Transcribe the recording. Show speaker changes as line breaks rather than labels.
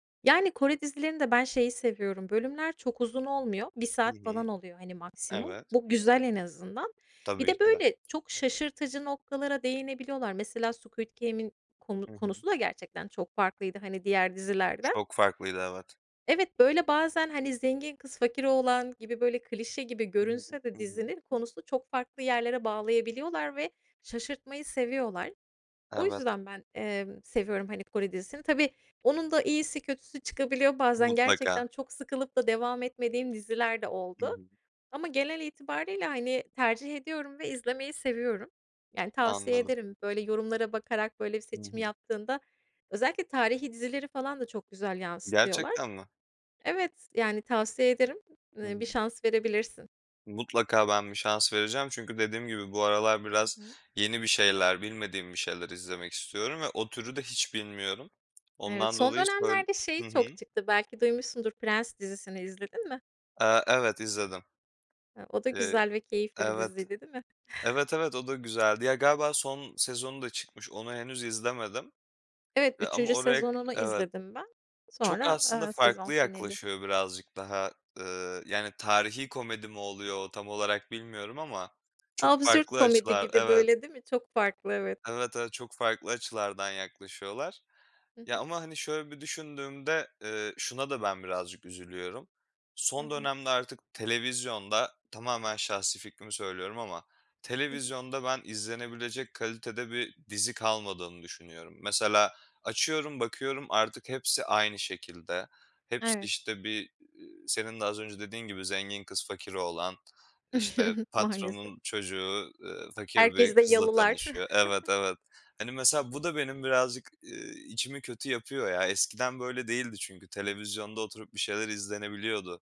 Yani, Kore dizilerinde ben şeyi seviyorum: Bölümler çok uzun olmuyor. 1
Hı
saat
hı.
falan oluyor, hani, maksimum.
Evet.
Bu güzel en azından. Bir
Tabii
de,
ki de.
böyle, çok şaşırtıcı noktalara değinebiliyorlar. Mesela Squid Game'in konu
Hı hı.
konusu da gerçekten çok farklıydı, hani, diğer dizilerden.
Çok farklıydı. Evet.
Evet, böyle, bazen, hani, zengin kız fakir oğlan gibi, böyle, klişe gibi
Hı hı,
görünse de
hı hı.
dizinin konusunu çok farklı yerlere bağlayabiliyorlar ve şaşırtmayı seviyorlar. O
Evet.
yüzden ben, emm, seviyorum, hani, Kore dizisini. Tabii onun da iyisi kötüsü çıkabiliyor. Bazen gerçekten
Mutlaka.
çok sıkılıp da devam etmediğim diziler de
Hı
oldu
hı.
ama genel itibariyle, hani, tercih ediyorum ve izlemeyi seviyorum. Yani, tavsiye
Anladım.
ederim. Böyle, yorumlara bakarak böyle bir
Hı
seçim
hı.
yaptığında Özellikle tarihî dizileri falan da çok güzel yansıtıyorlar.
Gerçekten mi?
Evet, yani, tavsiye ederim. [unintelligible]
Hı
Eee, bir
hı.
şans verebilirsin.
Mutlaka ben bir şans vereceğim çünkü dediğim gibi bu aralar
Hı
biraz
hı.
yeni bir şeyler, bilmediğim bir şeyler izlemek istiyorum ve o türü de hiç bilmiyorum.
Evet
Ondan
son
dolayı söyl
dönemlerde şey
Hı hı.
çok çıktı. Belki duymuşsundur. Prens dizisini izledin mi?
Eee, evet, izledim.
He, o da
Eee
güzel ve keyifli bir
Evet.
diziydi değil mi?
Evet evet, o da güzeldi. Ya, galiba son sezonu da çıkmış, onu henüz izlemedim.
Evet
E, ama
3.
oraya
sezonunu
Evet.
izledim ben.
Çok
Sonra,
aslında
eee, sezon
farklı
finali.
yaklaşıyor birazcık daha, eee, yani, tarihî komedi mi oluyor? Tam olarak bilmiyorum ama çok
Absürt
farklı
komedi
açılar.
gibi
Evet
böyle, değil mi? Çok farklı, evet.
Evet, evet. Çok farklı açılardan yaklaşıyorlar.
Hı
Ya
hı.
ama, hani, şöyle bir düşündüğümde, eee, şuna da ben birazcık üzülüyorum:
Hı
Son
hı.
dönemde artık televizyonda, tamamen şahsi fikrimi söylüyorum, ama
Hı hı.
televizyonda ben izlenebilecek kalitede bir dizi kalmadığını düşünüyorum. Mesela açıyorum bakıyorum artık hepsi aynı şekilde. Hepsi,
Evet.
işte, bir, eee, senin de az önce dediğin gibi zengin kız fakir oğlan, işte,
Maalesef.
patronun çocuğu, eee, fakir bir
Herkeste
kızla
yalılar.
tanışıyor. Evet, evet. Hani, mesela bu da benim birazcık, eee, içimi kötü yapıyor ya. Eskiden böyle değildi çünkü televizyonda oturup bir şeyler izlenebiliyordu.